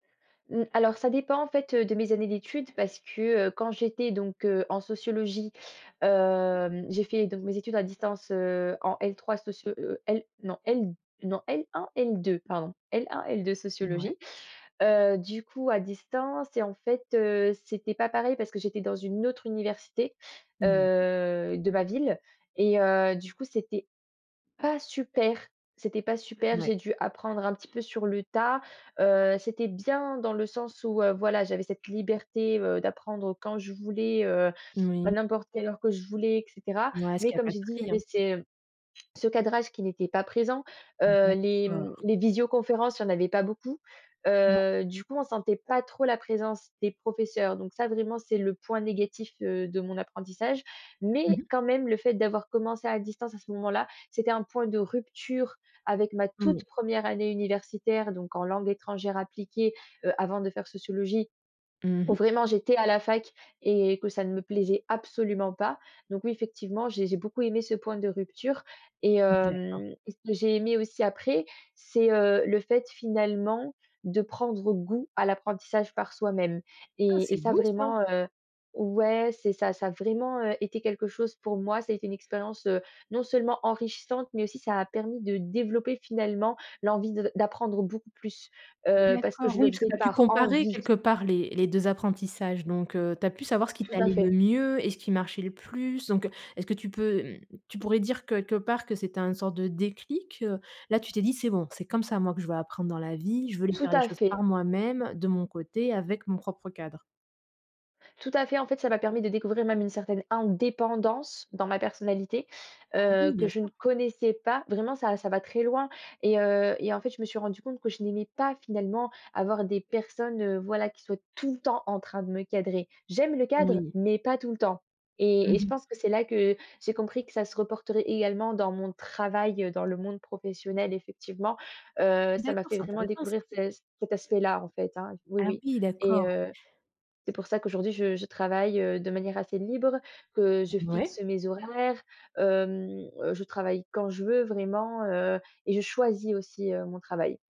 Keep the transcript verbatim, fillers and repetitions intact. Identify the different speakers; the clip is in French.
Speaker 1: Mmh, alors ça dépend en fait, heu, de mes années d'études parce que, heu, quand j'étais donc, heu, en sociologie, hem, j'ai fait donc mes études à distance, heu, en L3 socio heu L non, L non L1-L2 pardon, L1-L2
Speaker 2: N ouais.
Speaker 1: sociologie. Heu, du coup à distance et en fait, heu, c'était pas pareil parce que j'étais dans une autre université,
Speaker 2: Mmh.
Speaker 1: heu, de ma ville et heu, du coup c'était pas super, pas super.
Speaker 2: Ouais.
Speaker 1: J'ai dû apprendre un petit peu sur le tas, heu, c'était bien dans le sens où, heu, voilà, j'avais cette liberté, heu, d'apprendre quand je voulais, heu, à
Speaker 2: Moui.
Speaker 1: n'importe quelle heure que je voulais et cetera,
Speaker 2: Mouais ce
Speaker 1: mais
Speaker 2: qui a
Speaker 1: comme
Speaker 2: pas de
Speaker 1: j'ai dit, il y
Speaker 2: prix, hein.
Speaker 1: avait ces ce cadrage qui n'était pas présent, heu, les,
Speaker 2: D'accord.
Speaker 1: mmh, les visioconférences, il y en avait pas beaucoup.
Speaker 2: Mouais.
Speaker 1: Heu, du coup on sentait pas trop la présence des professeurs donc ça, vraiment, c'est le point négatif, heu, de mon apprentissage.
Speaker 2: Mmh
Speaker 1: Mais,
Speaker 2: mh.
Speaker 1: quand même, le fait d'avoir commencé à distance à ce moment-là, c'était un point de rupture avec ma
Speaker 2: Oui.
Speaker 1: toute première année universitaire, donc en langues étrangères appliquées, heu, avant de faire sociologie,
Speaker 2: Mmh
Speaker 1: où
Speaker 2: mh.
Speaker 1: vraiment j'étais à la fac et que ça ne me plaisait absolument pas. Donc oui, effectivement j'ai j'ai beaucoup aimé ce point de rupture et
Speaker 2: D'accord.
Speaker 1: hem et ce que j'ai aimé aussi après, c'est, heu, le fait finalement de prendre goût à l'apprentissage par soi-même.
Speaker 2: Ah,
Speaker 1: Et et
Speaker 2: c'est
Speaker 1: ça
Speaker 2: beau ça!
Speaker 1: vraiment, heu ouais c'est ça, ça a vraiment, heu, été quelque chose pour moi, ça a été une expérience, heu, non seulement enrichissante, mais aussi ça a permis de développer finalement l'envie de d'apprendre beaucoup plus, heu, parce que
Speaker 2: D'accord,
Speaker 1: je le
Speaker 2: oui, parce que
Speaker 1: faisais
Speaker 2: tu as dû
Speaker 1: par
Speaker 2: comparer
Speaker 1: envie.
Speaker 2: quelque part les les deux apprentissages donc, heu, tu as pu savoir ce qui
Speaker 1: Tout à
Speaker 2: t'allait le
Speaker 1: fait.
Speaker 2: mieux et ce qui marchait le plus. Donc, heu, est-ce que tu peux, mmh, tu pourrais dire queulque part que c'est un sorte de déclic, heu? Là, tu t'es dit: «C'est bon, c'est comme ça moi que je veux apprendre dans la vie. Je voulais
Speaker 1: Tout
Speaker 2: faire les
Speaker 1: à
Speaker 2: choses
Speaker 1: fait.
Speaker 2: par moi-même, de mon côté, avec mon propre cadre.»
Speaker 1: Tout à fait. En fait, ça m'a permis de découvrir même une certaine indépendance dans ma personnalité,
Speaker 2: Ah,
Speaker 1: heu,
Speaker 2: oui
Speaker 1: que
Speaker 2: bien
Speaker 1: je
Speaker 2: sur.
Speaker 1: ne connaissais pas. Vraiment ça ça va très loin et heu et en fait je me suis rendue compte que je n'aimais pas finalement avoir des personnes, heu, voilà qui soient tout le temps en train de me cadrer. J'aime le cadre
Speaker 2: Oui.
Speaker 1: mais pas tout le temps
Speaker 2: Mmh
Speaker 1: et et je
Speaker 2: mh.
Speaker 1: pense que c'est là que j'ai compris que ça se reporterait également dans mon travail, heu, dans le monde professionnel effectivement, heu, ça m'a
Speaker 2: D'accord,
Speaker 1: fait
Speaker 2: c'est
Speaker 1: vraiment
Speaker 2: intéressant
Speaker 1: découvrir
Speaker 2: ça.
Speaker 1: ce c cet aspect-là en fait, hein oui
Speaker 2: Ah
Speaker 1: oui
Speaker 2: oui,
Speaker 1: et
Speaker 2: d'accord.
Speaker 1: heu, c'est pour ça qu'aujourd'hui je je travaille, heu, de manière assez libre, que je fixe
Speaker 2: Ouais.
Speaker 1: mes horaires, hem, heu, je travaille quand je veux vraiment, heu et je choisis aussi, heu, mon travail.